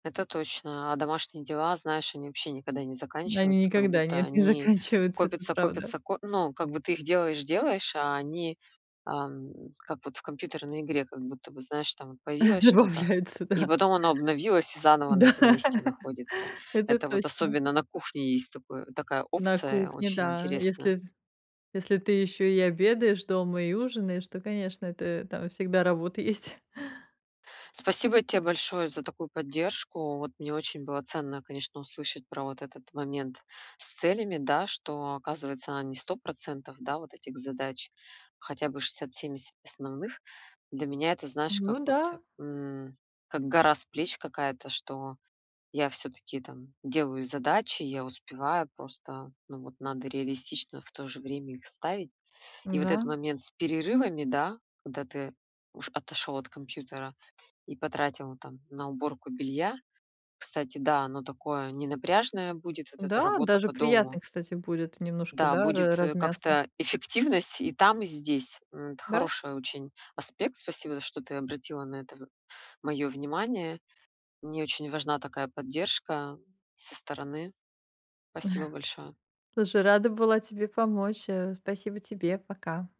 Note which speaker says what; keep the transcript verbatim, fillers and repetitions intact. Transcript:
Speaker 1: Это точно, а домашние дела, знаешь, они вообще никогда не
Speaker 2: Они
Speaker 1: заканчиваются, как
Speaker 2: никогда
Speaker 1: будто
Speaker 2: нет, не
Speaker 1: они
Speaker 2: заканчиваются, это
Speaker 1: копятся,
Speaker 2: правда.
Speaker 1: копятся, ко ну, как бы ты их делаешь-делаешь, а они, ам, как вот в компьютерной игре как будто бы, знаешь, там вот появилось что-то,
Speaker 2: Добавляются,
Speaker 1: и
Speaker 2: да.
Speaker 1: потом оно обновилось и заново на
Speaker 2: Да,
Speaker 1: этом месте находится.
Speaker 2: это
Speaker 1: Это вот
Speaker 2: точно.
Speaker 1: особенно на кухне есть такое такая
Speaker 2: На
Speaker 1: опция
Speaker 2: кухне,
Speaker 1: очень
Speaker 2: да.
Speaker 1: интересная.
Speaker 2: Если т если ты ещё и обедаешь дома, и ужинаешь, то, конечно, это там всегда работа есть.
Speaker 1: Спасибо те большое за такую поддержку. Вот мне очень было ценно, конечно, услышать про вот этот момент с целями, да, что, оказывается, не сто процентов, да, вот этих задач, хотя бы шестьдесят семьдесят основных. Для меня это знаешь, как
Speaker 2: Ну
Speaker 1: вот,
Speaker 2: да.
Speaker 1: м, как гора с плеч какая-то, что я всё-таки там делаю задачи, я успеваю, просто ну вот надо реалистично в то же время их ставить. И вот этот
Speaker 2: М-да.
Speaker 1: момент с перерывами, да, когда ты уш отошёл от компьютера и потратил там на уборку белья, кстати, да, оно такое ненапряжное будет, вот эта
Speaker 2: Да,
Speaker 1: работа
Speaker 2: даже
Speaker 1: по
Speaker 2: приятно,
Speaker 1: дому.
Speaker 2: кстати, будет немножко,
Speaker 1: Да,
Speaker 2: да, ра
Speaker 1: будет, э,
Speaker 2: размяться.
Speaker 1: как-то эффективность и там, и здесь. М, д
Speaker 2: Да.
Speaker 1: хороший очень аспект, спасибо, что ты обратила на это в моё внимание. Мне очень важна такая поддержка со стороны. Спасибо большое.
Speaker 2: Слушай, рада была тебе помочь. Э. Спасибо тебе, пока.